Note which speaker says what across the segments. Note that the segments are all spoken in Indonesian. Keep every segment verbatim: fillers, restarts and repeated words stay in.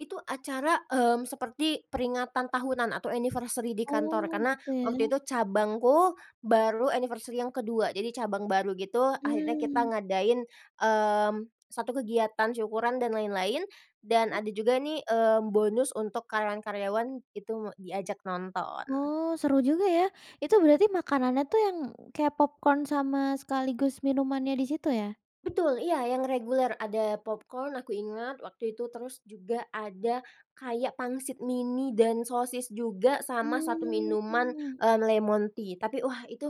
Speaker 1: Itu acara, mmm, seperti peringatan tahunan atau anniversary di kantor,
Speaker 2: Oh,
Speaker 1: karena
Speaker 2: gitu
Speaker 1: waktu
Speaker 2: ya?
Speaker 1: itu cabangku, baru anniversary yang kedua, jadi cabang baru gitu. Akhirnya kita
Speaker 2: Mmm.
Speaker 1: ngadain, mmm, satu kegiatan syukuran dan lain-lain, dan
Speaker 2: Mmm?
Speaker 1: ada juga nih, mmm, bonus untuk karyawan-karyawan, itu diajak nonton.
Speaker 2: Oh, seru juga ya. Itu berarti makanannya tuh yang kayak popcorn sama sekaligus minumannya di situ ya?
Speaker 1: Betul. Iya, yang reguler, ada popcorn, aku ingat waktu itu. Terus juga ada kayak pangsit mini dan sosis juga, sama satu minuman,
Speaker 2: Mmm.
Speaker 1: mmm, lemon tea. Tapi wah, itu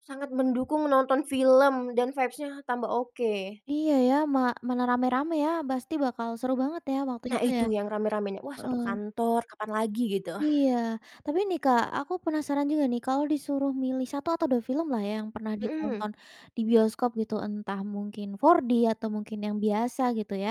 Speaker 1: sangat mendukung menonton film dan vibes-nya tambah oke.
Speaker 2: Iya, ya, ma mana ramai-ramai ya. Pasti bakal seru banget ya waktu
Speaker 1: Nah,
Speaker 2: itu ya,
Speaker 1: itu yang ramai-ramainya, wah, satu
Speaker 2: heeh.
Speaker 1: kantor, kapan lagi, gitu.
Speaker 2: Iya. Tapi nih Kak, aku penasaran juga nih, kalau disuruh milih satu atau dua film lah ya, yang pernah
Speaker 1: Hmm.
Speaker 2: ditonton di bioskop gitu, entah mungkin four D atau mungkin yang biasa gitu ya.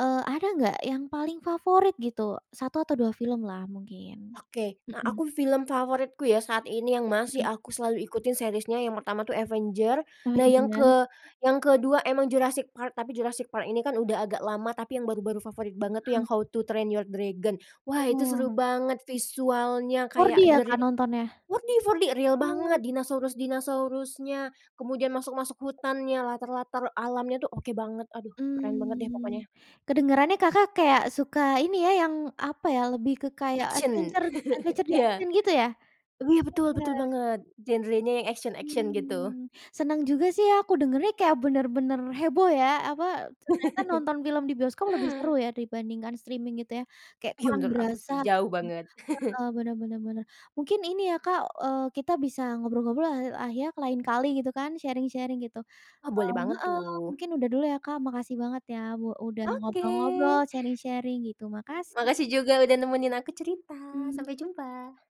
Speaker 2: Eee, ada nggak yang paling favorit gitu, satu atau dua film lah mungkin,
Speaker 1: Oke, nah,
Speaker 2: hmm?
Speaker 1: aku film favoritku ya saat ini yang masih
Speaker 2: Hmm.
Speaker 1: aku selalu ikutin series-nya, yang pertama tuh Avenger.
Speaker 2: Oh.
Speaker 1: Nah, yang
Speaker 2: [unintelligible]
Speaker 1: ke yang kedua memang Jurassic Park, tapi Jurassic Park ini kan udah agak lama. Tapi yang baru-baru favorit banget tuh
Speaker 2: Hmm.
Speaker 1: yang How to Train Your Dragon. Wah, itu
Speaker 2: Oh.
Speaker 1: seru banget, visualnya
Speaker 2: four D
Speaker 1: kayak
Speaker 2: ya
Speaker 1: the re
Speaker 2: Kak nontonnya?
Speaker 1: four D four D! Real
Speaker 2: Wow.
Speaker 1: banget dinosaurus-dinosaurusnya, kemudian masuk-masuk hutannya, latar-latar alamnya tuh oke banget. Aduh, keren banget deh
Speaker 2: Mmm,
Speaker 1: pokoknya.
Speaker 2: kedengerannya Kakak kayak suka ini ya, yang apa ya, lebih ke kayak
Speaker 1: Action,
Speaker 2: adventure adventure,
Speaker 1: iya.
Speaker 2: action gitu ya?
Speaker 1: Iya, betul,
Speaker 2: Iya.
Speaker 1: betul banget, genre-nya yang action-action gitu.
Speaker 2: Mmm, senang juga sih aku dengarnya, kayak benar-benar heboh ya. Apa, ternyata nonton film di bioskop lebih seru ya dibandingkan streaming gitu ya, kayak
Speaker 1: Ya,
Speaker 2: kurang
Speaker 1: menurut aku
Speaker 2: berasa
Speaker 1: sih, jauh banget.
Speaker 2: heeh. Benar benar benar, mungkin ini ya Kak, eee, kita bisa ngobrol-ngobrol lah ah ya lain kali gitu kan, sharing-sharing gitu.
Speaker 1: Wah, boleh
Speaker 2: Eee
Speaker 1: banget
Speaker 2: heeh.
Speaker 1: tuh.
Speaker 2: Mungkin udah dulu ya Kak, makasih banget ya u udah
Speaker 1: Oke.
Speaker 2: ngobrol-ngobrol, sharing-sharing gitu, makasih.
Speaker 1: Makasih juga udah nemenin aku cerita,
Speaker 2: Hmm.
Speaker 1: sampai jumpa.